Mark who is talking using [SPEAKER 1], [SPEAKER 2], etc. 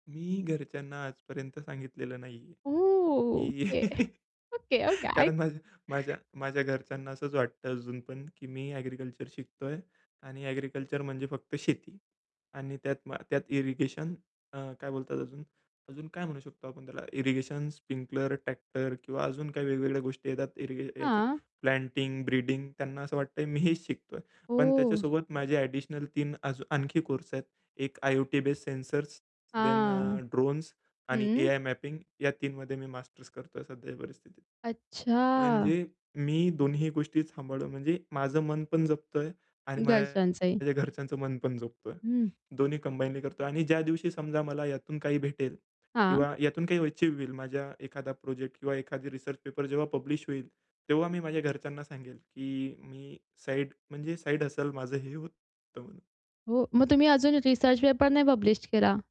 [SPEAKER 1] मी घरच्यांना आजपर्यंत सांगितलेलं नाहीये की
[SPEAKER 2] ओके ओके, ओके. ऐक
[SPEAKER 1] कारण माझ्या माझ्या माझ्या घरच्यांना असंच वाटतं अजून पण की मी ॲग्रीकल्चर शिकतोय. आणि ॲग्रीकल्चर म्हणजे फक्त शेती आणि त्यात मा त्यात इरिगेशन अ, काय बोलतात अजून? अजून काय म्हणू शकतो आपण त्याला इरिगेशन, स्प्रिंकलर, ट्रॅक्टर किंवा अजून काही वेगवेगळ्या गोष्टी येतात इरिगे ह्याच्यात
[SPEAKER 2] हां.
[SPEAKER 1] प्लांटिंग, ब्रीडिंग त्यांना असं वाटतंय मी हेच शिकतोय. पण
[SPEAKER 2] ओह!
[SPEAKER 1] त्याच्यासोबत माझे ॲडिशनल 3 अजून आणखी कोर्स आहेत. एक आय-ओ-टी बेस्ड सेन्सर्स देन
[SPEAKER 2] हां.
[SPEAKER 1] अ, ड्रोन्स आणि
[SPEAKER 2] हं.
[SPEAKER 1] एआय मॅपिंग या 3 मध्ये मी मास्टर्स करतोय सध्याच्या परिस्थितीत.
[SPEAKER 2] अच्छा.
[SPEAKER 1] म्हणजे मी दोन्ही गोष्टी सांभाळ म्हणजे माझं मन पण जपतोय आणि
[SPEAKER 2] घरच्यांचही.
[SPEAKER 1] माझ्या घरच्यांचं मन पण जपतोय.
[SPEAKER 2] हं.
[SPEAKER 1] दोन्ही कंबाईनली करतोय आणि ज्या दिवशी समजा मला यातून काही भेटेल
[SPEAKER 2] हां.
[SPEAKER 1] किंवा यातून काही अचीव्ह होईल माझ्या एखादा प्रोजेक्ट किंवा एखादी रिसर्च पेपर जेव्हा पब्लिश होईल, तेव्हा मी माझ्या घरच्यांना सांगेल की मी साइड म्हणजे साइड हसल माझं हे होतं म्हणून.
[SPEAKER 2] हो. मग तुम्ही अजून रिसर्च पेपर नाही पब्लिश केला?